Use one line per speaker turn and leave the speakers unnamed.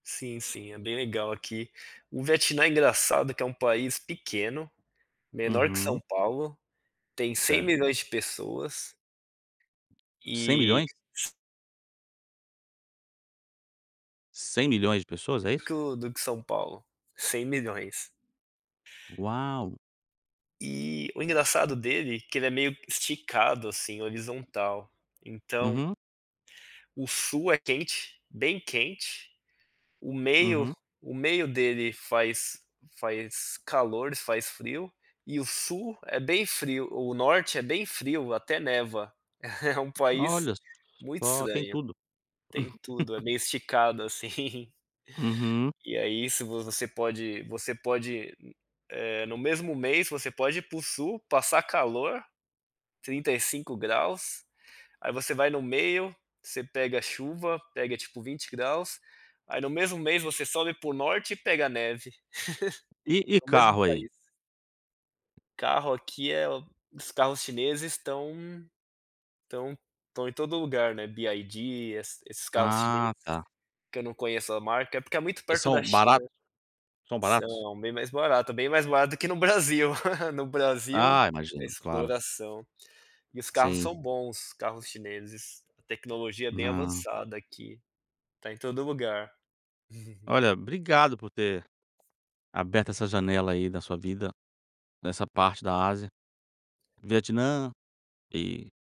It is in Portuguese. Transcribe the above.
Sim, sim, é bem legal aqui, o Vietnã é engraçado que é um país pequeno, menor que São
Uhum.
Paulo, tem cem
Certo.
milhões de pessoas.
cem
e
milhões? 100.000.000 de pessoas, é isso?
que o, do que São Paulo, 100.000.000.
Uau.
E, o engraçado dele é que ele é meio esticado assim horizontal, então
Uhum.
o sul é quente, bem quente, o meio
Uhum.
o meio dele faz faz calor e faz frio, e o sul é bem frio, o norte é bem frio, até neva, é um país
Olha,
muito
só tem
estranho.
tudo.
Tem tudo, é meio esticado assim.
Uhum.
E aí isso você pode você pode, eh, no mesmo mês você pode ir para o sul passar calor, 35 graus, aí você vai no meio, você pega a chuva, pega tipo 20 graus, aí no mesmo mês você sobe para o norte e pega a neve.
E e
No mesmo
carro aí?
país. Carro aqui é o os carros chineses estão estão estão em todo lugar, né, Byd, esses esses carros chineses,
Ah, está.
que eu não conheço a marca, é porque é muito
E
perto da
são
China,
baratos? São baratos?
são bem mais barato, é bem mais barato que no Brasil, no Brasil
Ah,
é
imagino, claro.
exploração. E os carros
Sim.
são bons, os carros chineses, a tecnologia é bem
Não.
avançada aqui, está em todo lugar. uhum.
Olha obrigado por ter, aberto essa janela aí da sua vida, nessa parte da Ásia. Vietnã, e